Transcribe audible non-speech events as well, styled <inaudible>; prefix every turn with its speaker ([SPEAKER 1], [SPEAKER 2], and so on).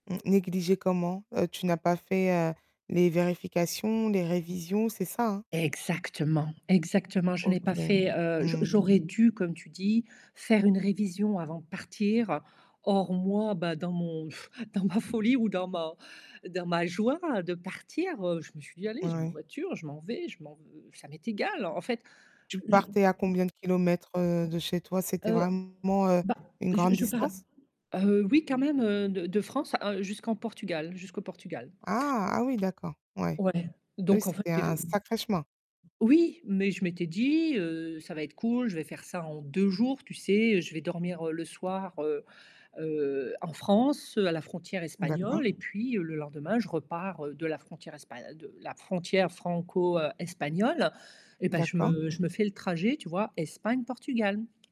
[SPEAKER 1] Mmh, négliger comment? Heu, tu n'as pas fait, heu, les vérifications, les révisions, c'est ça, hein?
[SPEAKER 2] Exactement, exactement, je n'ai pas
[SPEAKER 1] OK.
[SPEAKER 2] fait, heu, j
[SPEAKER 1] Mmh.
[SPEAKER 2] j'aurais dû, comme tu dis, faire une révision avant de partir, or moi, bah, dans mon pff, dans ma folie ou dans ma dans ma joie de partir, heu, je me suis dit: «Allez, j'ai ma
[SPEAKER 1] Ouais.
[SPEAKER 2] voiture, je m'en vais, je m'en v ça m'est égal, en fait».
[SPEAKER 1] Tu
[SPEAKER 2] Heu, je
[SPEAKER 1] partais à combien de kilomètres, heu, de chez toi?
[SPEAKER 2] <unintelligible>
[SPEAKER 1] C'était
[SPEAKER 2] heu,
[SPEAKER 1] vraiment, heu,
[SPEAKER 2] bah,
[SPEAKER 1] une
[SPEAKER 2] je
[SPEAKER 1] grande
[SPEAKER 2] je pars
[SPEAKER 1] distance?
[SPEAKER 2] heu, oui quand même, heu, de de France, hein, jusqu'en Portugal jusqu'au Portugal.
[SPEAKER 1] Ah! Ah oui, d'accord, ouais.
[SPEAKER 2] Ouais,
[SPEAKER 1] Oui,
[SPEAKER 2] donc en fait,
[SPEAKER 1] c'était
[SPEAKER 2] est
[SPEAKER 1] un
[SPEAKER 2] ve
[SPEAKER 1] sacré chemin.
[SPEAKER 2] oui, mais je m'étais dit: «Heu, ça va être cool, je vais faire ça en 2 jours», tu sais? Je vais dormir le soir, heu heu, en France, à la frontière
[SPEAKER 1] D'accord.
[SPEAKER 2] espagnole, et puis le lendemain, je repars, heu, de la frontière espa de la frontière franco, heu, espagnole. Eh ben, je
[SPEAKER 1] D'accord.
[SPEAKER 2] me je me fais le trajet, tu vois? Espagne-Portugal.